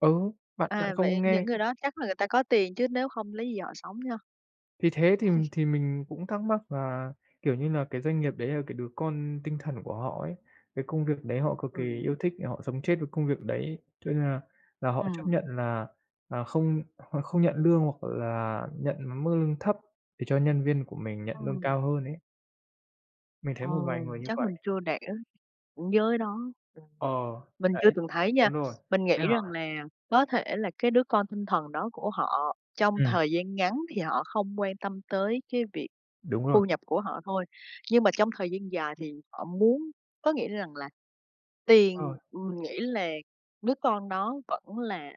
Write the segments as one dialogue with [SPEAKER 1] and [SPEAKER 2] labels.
[SPEAKER 1] Ừ, bạn bạn
[SPEAKER 2] À, vậy
[SPEAKER 1] không
[SPEAKER 2] những
[SPEAKER 1] nghe.
[SPEAKER 2] người đó chắc là người ta có tiền chứ nếu không lấy gì họ sống ha?
[SPEAKER 1] Thì thế thì thì mình cũng thắc mắc là, kiểu như là, cái doanh nghiệp đấy là cái đứa con tinh thần của họ ấy, cái công việc đấy họ cực kỳ yêu
[SPEAKER 2] Ừm.
[SPEAKER 1] thích, để họ sống chết với công việc đấy cho nên là là họ chấp
[SPEAKER 2] Ừm.
[SPEAKER 1] nhận là là không họ không nhận lương, hoặc là nhận mức lương thấp để cho nhân viên của mình nhận lương
[SPEAKER 2] Ừm.
[SPEAKER 1] cao hơn ấy. Mình thấy một vài
[SPEAKER 2] Ồ,
[SPEAKER 1] người như
[SPEAKER 2] chắc mình
[SPEAKER 1] vậy.
[SPEAKER 2] chưa đẻ, với nó.
[SPEAKER 1] Ờ,
[SPEAKER 2] Mình chưa
[SPEAKER 1] đấy,
[SPEAKER 2] từng thấy nha,
[SPEAKER 1] đúng rồi.
[SPEAKER 2] mình
[SPEAKER 1] Thế
[SPEAKER 2] nghĩ rằng
[SPEAKER 1] hả?
[SPEAKER 2] là có thể là cái đứa con tinh thần đó của họ trong
[SPEAKER 1] Ừm.
[SPEAKER 2] thời gian ngắn thì họ không quan tâm tới cái việc
[SPEAKER 1] Đúng rồi.
[SPEAKER 2] thu nhập của họ thôi. Nhưng mà trong thời gian dài thì họ muốn có nghĩa rằng là tiền
[SPEAKER 1] Ờ.
[SPEAKER 2] mình nghĩ là đứa con đó vẫn là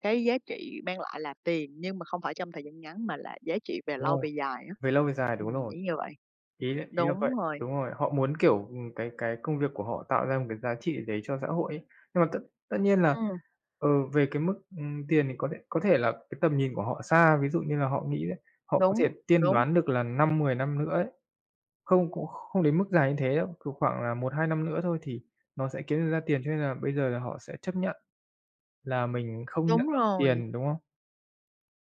[SPEAKER 2] cái giá trị mang lại là tiền, nhưng mà không phải trong thời gian ngắn mà là giá trị về
[SPEAKER 1] Đúng
[SPEAKER 2] lâu
[SPEAKER 1] rồi,
[SPEAKER 2] về dài á.
[SPEAKER 1] về lâu về dài, đúng
[SPEAKER 2] Ừm,
[SPEAKER 1] rồi.
[SPEAKER 2] nghĩ như vậy.
[SPEAKER 1] Ý ý là
[SPEAKER 2] Đúng
[SPEAKER 1] vậy,
[SPEAKER 2] rồi.
[SPEAKER 1] đúng rồi. Họ muốn, kiểu, ừm, cái cái công việc của họ tạo ra một cái giá trị gì đấy cho xã hội ấy. Nhưng mà tất tất nhiên là,
[SPEAKER 2] Ừm.
[SPEAKER 1] ờ, về cái mức, ừm, tiền thì có thể có thể là cái tầm nhìn của họ xa. Ví dụ như là họ nghĩ đấy, họ có thể
[SPEAKER 2] Đúng,
[SPEAKER 1] tiên
[SPEAKER 2] đúng.
[SPEAKER 1] đoán được là 5-10 năm nữa ấy, không cũng kh không đến mức dài như thế đâu, kiểu, khoảng là 1-2 năm nữa thôi thì nó sẽ kiếm được ra tiền cho nên là bây giờ là họ sẽ chấp nhận là mình không nhận
[SPEAKER 2] Đúng rồi.
[SPEAKER 1] tiền, đúng không?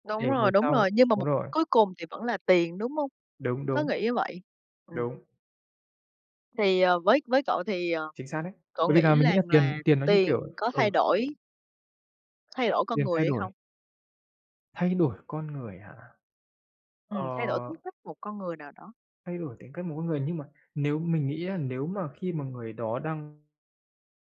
[SPEAKER 2] Đúng
[SPEAKER 1] Để
[SPEAKER 2] rồi,
[SPEAKER 1] về
[SPEAKER 2] đúng
[SPEAKER 1] sau
[SPEAKER 2] rồi, nhưng mà
[SPEAKER 1] đúng
[SPEAKER 2] mục
[SPEAKER 1] rồi.
[SPEAKER 2] cuối cùng thì vẫn là tiền, đúng không?
[SPEAKER 1] Đúng,
[SPEAKER 2] Có
[SPEAKER 1] đúng.
[SPEAKER 2] nghĩ như vậy? Ừm.
[SPEAKER 1] Đúng.
[SPEAKER 2] Thì, ờ, với với cậu thì, ờ,
[SPEAKER 1] Chính xác đấy.
[SPEAKER 2] cậu
[SPEAKER 1] Bởi vì
[SPEAKER 2] nghĩ
[SPEAKER 1] là mình nghĩ là
[SPEAKER 2] rằng là
[SPEAKER 1] tiền tiền nó như,
[SPEAKER 2] tiền
[SPEAKER 1] kiểu
[SPEAKER 2] có thay
[SPEAKER 1] ừ.
[SPEAKER 2] đổi thay đổi con
[SPEAKER 1] Tiền
[SPEAKER 2] người
[SPEAKER 1] thay
[SPEAKER 2] hay
[SPEAKER 1] đổi
[SPEAKER 2] không?
[SPEAKER 1] thay đổi con người hả? Ờ.
[SPEAKER 2] Ừm, thay đổi tính cách của một con người nào đó.
[SPEAKER 1] Thay đổi tính cách một con người, nhưng mà nếu mình nghĩ á nếu mà khi mà người đó đang